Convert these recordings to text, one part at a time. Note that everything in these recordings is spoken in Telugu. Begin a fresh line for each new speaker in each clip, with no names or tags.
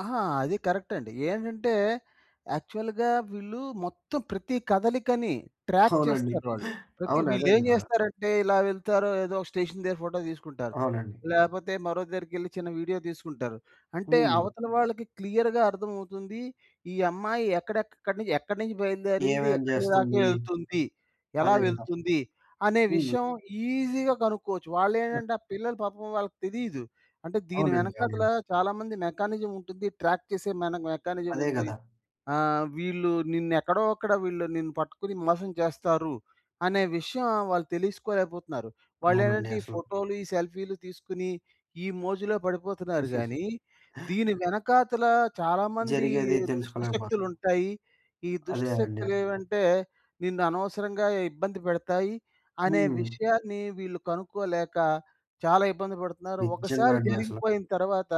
ఆహా! అది కరె‌క్ట్ం‌డి. ఏంటంటే, యాక్చువల్‌గా వీళ్ళు మొత్తం ప్రతి కదలికని ట్రాప్
అవునండి
చేస్తారు వాళ్ళు. ప్రతి
అవును. అదే
వీళ్ళేం
గదర.
జేస్తారంటే, ఇలా వెళ్తారో ఏదోక స్టేషన్ దగ్గర ఫోటో తీసుకుంటారు.
అవునండి.
లేపోతే, మరో దరికెళ్లి చిన్న వీడియో దీసుకుంటారు. అంటే,
హ్మ్.
అవతల వాళ్ళకి క్లియర్‌గా అర్థం అవుతుంది, ఈ అమ్మాయి ఎక్కడెక్కడ్ ఎక్కనుంచి ఎక్కడినుంచి బయలుదేరింది,
ఏమేం జేస్తుంది?
ఎక్కడిదాకేళ్తుంది, ఎలా
అదే గదా!
వెళ్తుంది అనే
హుహు.
విషయం ఈజిగా కనుక్కోవచ్చు.
అ
వాళ్ళేంటంటే, ఆ పిల్లలు పాపం వాళ్ళకి తెలీదు. అంటే, దీని
అవునండి,
వెనక‌తలా
అవునండి.
చాలా మంది మెకానిజం ఉంటుంది. ట్రాక్ చేసే మన మెకానిజం
అదే
ఉంది.
గదా!
ఆహ్, వీళ్ళు నినేక్కడో అక్కడ వీళ్ళు నిన్ను పట్టుకుని మోసం చేస్తారు, అనే విషయం వాళ్ళు తెలీసుకోలేకపోతున్నారు.
అవునండి
వాళ్ళేంటంటే ఈ
అసలు.
ఫోటో‌లు, ఈ సెల్ఫీ‌లు తీసుకొని ఈ మోజులో పడిపోతున్నారు గాని, దీని వెనకాతల చాలా మంది
జరిగేది తెలుసుకోలేకపోతున్నాం.
దుష్టశక్తులుంటాయి. ఈ
అదే అండి అసలు.
దుష్టశక్తులేవంటే నిన్ను అనవసరంగా ఇబ్బంది పెడతాయి అనే
హ్మ్.
విషయాన్ని వీళ్ళు కనుక్కోలేక చాలా ఇబ్బంది పడుతున్నారు.
నిజంగా
ఒకసారి
అండి అసల.
జరిగిపోయిన తర్వాత,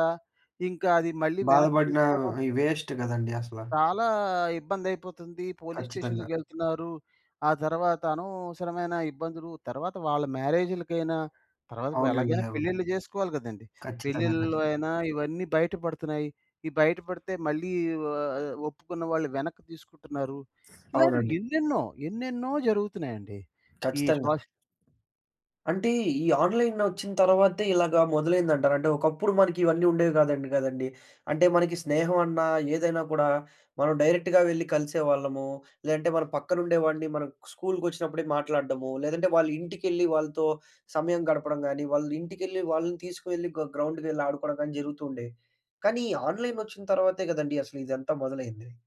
ఇంకా అది మళ్ళీ వెనక్కి
బాధపడిన
తీసుకోడం
ఇ వేస్ట్ గదండీ అసల.
చాలా ఇబ్బందైపోతుంది. పోలీస్
ఖచ్చితంగా.
స్టేషన్‌కేళ్తున్నారు. ఆ తర్వాత, అనవసరమైన ఇబ్బందులు తరువాత వాళ్ళ మ్యారేజ్‌లకైనా తర్వాత
అవునండి.
ఇప్పుడెలాగైనా
అవును.
పెళ్ళిళ్ళు జేసుకోవాలి గదండీ!
ఖచ్చితంగా,
పెళ్లిలో
ఖచ్చితంగా.
అయినా ఇవన్నీ బయట పడుతున్నాయి. ఈ బయట పడితే మళ్ళీ ఆహ్, ఒప్పుకున్న వాళ్ళు వెనక్కి తీసుకుంటున్నారు. ఇలాంటివి
అవునండి.
ఎన్నెన్నో, ఎన్నెన్నో జరుగుతున్నాయండి. ఈ
ఖచ్చితంగా.
సోషల్
అంటే, ఈ ఆన్‌లైనొచ్చిన తర్వాతే ఇలాగా మొదలైందంటార? అంటే, ఒకప్పుడు మనకివన్నీ ఉండేవి గాదంట గదండీ. అంటే మనకి స్నేహం అన్నా ఏదైనా కూడా, మనం డైరెక్ట్‌గా వెళ్లి కలిసేవాళ్ళము. లేదంటే, మన పక్కన ఉండేవాడిని మనం స్కూల్‌కొచ్చినప్పు‌డికి మాట్లాడడము. లేదంటే, వాళ్ళింటికెళ్ళి వాళ్ళతో సమయం గడపడం గానీ, వాళ్ళింటికెళ్ళి వాళ్ళని తీసుకు వెళ్ళి గా గ్రౌండ్‌కేళ్లి ఆడుకోవడం గాని జరుగుతూ ఉండేయి. కానీ, ఈ ఆన్‌లైన్ వచ్చిన తర్వాతే గదండీ అసలు ఇదంతా మొదలైంది?